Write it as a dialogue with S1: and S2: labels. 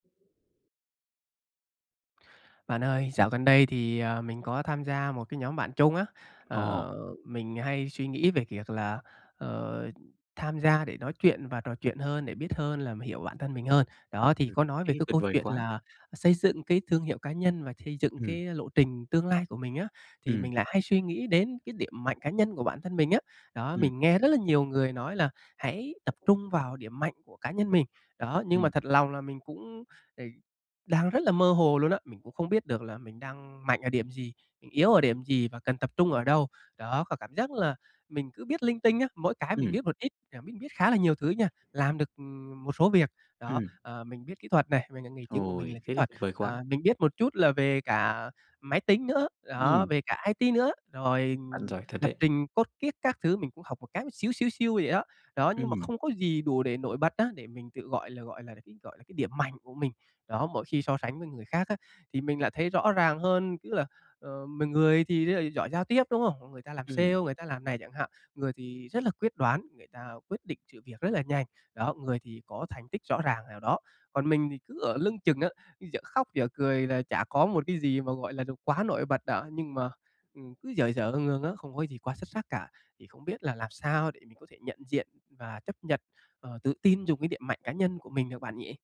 S1: Bạn ơi, dạo gần đây thì, à, mình có tham gia một cái nhóm bạn chung á,
S2: Ồ.
S1: ờ, mình hay suy nghĩ về việc là, ờ, tham gia để nói chuyện và trò chuyện hơn, để biết hơn là hiểu bản thân mình hơn. Đó, thì
S2: Ừm,
S1: có nói về
S2: thế
S1: cái
S2: tuyệt
S1: câu
S2: vời
S1: chuyện
S2: quá.
S1: là xây dựng cái thương hiệu cá nhân và xây dựng
S2: Ừm.
S1: cái lộ trình tương lai của mình á, thì
S2: Ừm.
S1: mình lại hay suy nghĩ đến cái điểm mạnh cá nhân của bản thân mình á. Đó,
S2: Ừm.
S1: mình nghe rất là nhiều người nói là hãy tập trung vào điểm mạnh của cá nhân mình. Đó, nhưng mà
S2: Ừm.
S1: thật lòng là mình cũng, ờ, đang rất là mơ hồ luôn á, mình cũng không biết được là mình đang mạnh ở điểm gì, mình yếu ở điểm gì và cần tập trung ở đâu. Đó, có cảm giác là mình cứ biết linh tinh á, mỗi cái mình
S2: Ừm.
S1: biết một ít, à, biết biết khá là nhiều thứ nha, làm được, ừm, một số việc. Đó,
S2: Ừm.
S1: ờ, mình biết kỹ thuật nè, mình, ờ, nghề chính của mình là
S2: Ôi,
S1: kỹ
S2: thế thì
S1: thuật,
S2: tuyệt vời quá!
S1: à, mình biết một chút là về cả máy tính nữa, đó,
S2: Ừm.
S1: về cả IT nữa, rồi
S2: Bạn giỏi thật
S1: lập
S2: đấy.
S1: trình code kiết các thứ mình cũng học một cái xíu xíu xiu vậy đó. Đó, nhưng mà
S2: Ừm.
S1: không có gì đủ để nổi bật á, để mình tự, gọi là, gọi là cái, gọi là cái điểm mạnh của mình. Đó, mỗi khi so sánh với người khác á, thì mình lại thấy rõ ràng hơn, tức là, ờ, mọi người thì rất là giỏi giao tiếp, đúng không? Mọi người ta làm sale,
S2: Ừm.
S1: người ta làm này chẳng hạn, người thì rất là quyết đoán, người ta quyết định sự việc rất là nhanh, đó, người thì có thành tích rõ ràng nào đó. Còn mình thì cứ ở lưng chừng á, dở khóc dở cười là chả có một cái gì mà, gọi là, đồ quá nổi bật đó, nhưng mà, ừm, cứ dở dở ương ương á, không có gì quá xuất sắc cả. Thì không biết là làm sao để mình có thể nhận diện và chấp nhật, ờ, tự tin dùng cái điểm mạnh cá nhân của mình được bạn nhỉ?